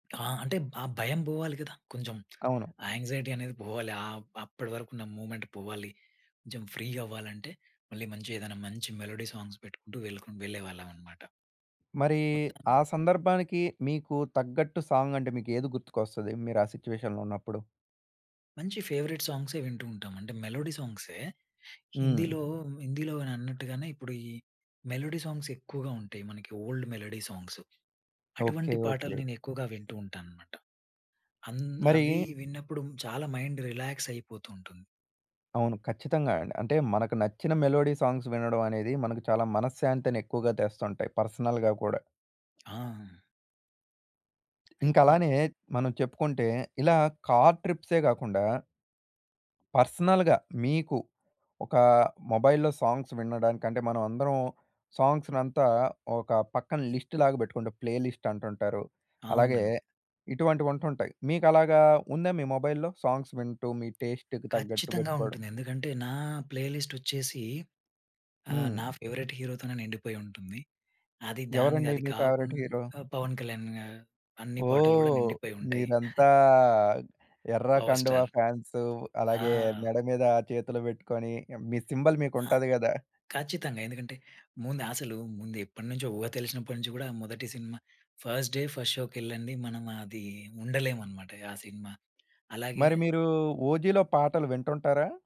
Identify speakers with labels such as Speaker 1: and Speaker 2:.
Speaker 1: ఆ! అంటే ఆ భయం పోవాలి గదా! కొంచెం
Speaker 2: అవును.
Speaker 1: ఆ యాంక్సైటీ అనేది పోవాలి. ఆహ్, అప్పటి వరకు ఉన్న మూవ్మెంట్ పోవాలి. కొంచెం ఫ్రీ అవ్వాలంటే మళ్ళీ మంచిగ ఏదైనా మంచి మెలోడీ సాంగ్స్ పెట్టుకుంటూ వెల్‌‌‌క వెళ్ళేవాళ్ళం అన్నమాట.
Speaker 2: మరీ
Speaker 1: మొత్తాన్ని
Speaker 2: ఆ సందర్భానికి మీకు తగ్గట్టు సాంగ్ అంటే మీకు ఏది గుర్తుకొస్తది? మీరు ఆ సిట్యుయేషన్‌లో ఉన్నప్పుడు.
Speaker 1: మంచి ఫేవరెట్ సాంగ్సే వింటూ ఉంటాం. అంటే మెలోడీ సాంగ్సే
Speaker 2: హ్మ్.
Speaker 1: హిందీలో హిందీలో అని అన్నట్టుగానే ఇప్పుడు ఈ మెలోడీ సాంగ్స్ ఎక్కువగా ఉంటాయి. మనకి ఓల్డ్ మెలోడీ సాంగ్సు.
Speaker 2: ఓకె.
Speaker 1: అటువంటి పాటలు
Speaker 2: ఓకె.
Speaker 1: నేను ఎక్కువగా వింటూ ఉంటానన్నమాట. అంద్ అవి
Speaker 2: మరీ
Speaker 1: విన్నప్పుడు చాలా మైండ్ రిలాక్స్ అయిపోతూ ఉంటుంది.
Speaker 2: అవును. ఖచ్చితంగా అండి. అంటే మనకు నచ్చిన మెలోడీ సాంగ్స్ వినడం అనేది మనకు చాలా మనశ్శాంతిని ఎక్కువగా తెస్తుంటాయి. పర్సనల్‌గా కూడా.
Speaker 1: ఆ!
Speaker 2: ఇంక
Speaker 1: [unintelligible]
Speaker 2: అలానే మనం చెప్పుకుంటే, ఇలా కార్ ట్రిప్సే గాకుండా... పర్సనల్‌గా మీకు ఒకా మొబైల్‌లో సాంగ్స్ వినడంకంటే మనమందరం సాంగ్స్‌నంతా ఒక పక్కన లిస్ట్‌లాగా పెట్టుకుంటాం. ప్లే లిస్ట్ అంటుంటారు. అలాగే
Speaker 1: అవునండి.
Speaker 2: ఇటువంటివి ఉంటుంటాయి. మీకు అలాగా ఉందా మీ మొబైల్‌లో? సాంగ్స్ వింటూ మీ టేస్ట్‌‌‌కి తగ్గట్టు
Speaker 1: ఖచ్చితంగా
Speaker 2: పెట్టుకోవడం.
Speaker 1: ఉంటుంది. ఎందుకంటే నా ప్లే లిస్ట్ వచ్చేసి ఆహ్,
Speaker 2: హ్మ్.
Speaker 1: నా ఫేవరెట్ హీరో తోనే నిండిపోయి ఉంటుంది. అది దానిది
Speaker 2: ఎవరండి
Speaker 1: అది
Speaker 2: మీ
Speaker 1: కాకుం
Speaker 2: ఫేవరెట్ హీరో?
Speaker 1: 'పవన్ కళ్యాణ్' గా అన్ని పాటలు కూడా
Speaker 2: ఓహ్!
Speaker 1: నిండిపోయి ఉంటాయి.
Speaker 2: మీరంతా ఎర్ర
Speaker 1: 'పవర్
Speaker 2: కండువా
Speaker 1: స్టార్'.
Speaker 2: ఫాన్సు.
Speaker 1: ఆ!
Speaker 2: అలాగే మెడ మీద చేతులు పెట్టుకొని మీ సింబల్
Speaker 1: ఆ!
Speaker 2: మీకుంటది గదా!
Speaker 1: ఖచ్చితంగా ఎందుకంటే ముందు అసలు ముందు ఎప్పటినుంచో ఊహ తెలిసినప్పటి నుంచి గూడా మొదటి సినిమా ఫస్ట్ డే, ఫస్ట్ షోకెళ్ళంది. మనం అది ఉండలేం అన్నమాట ఆ సినిమా. అలాగే
Speaker 2: మరి మీరు 'ఓజిలో' పాటలు వింటుంటారా?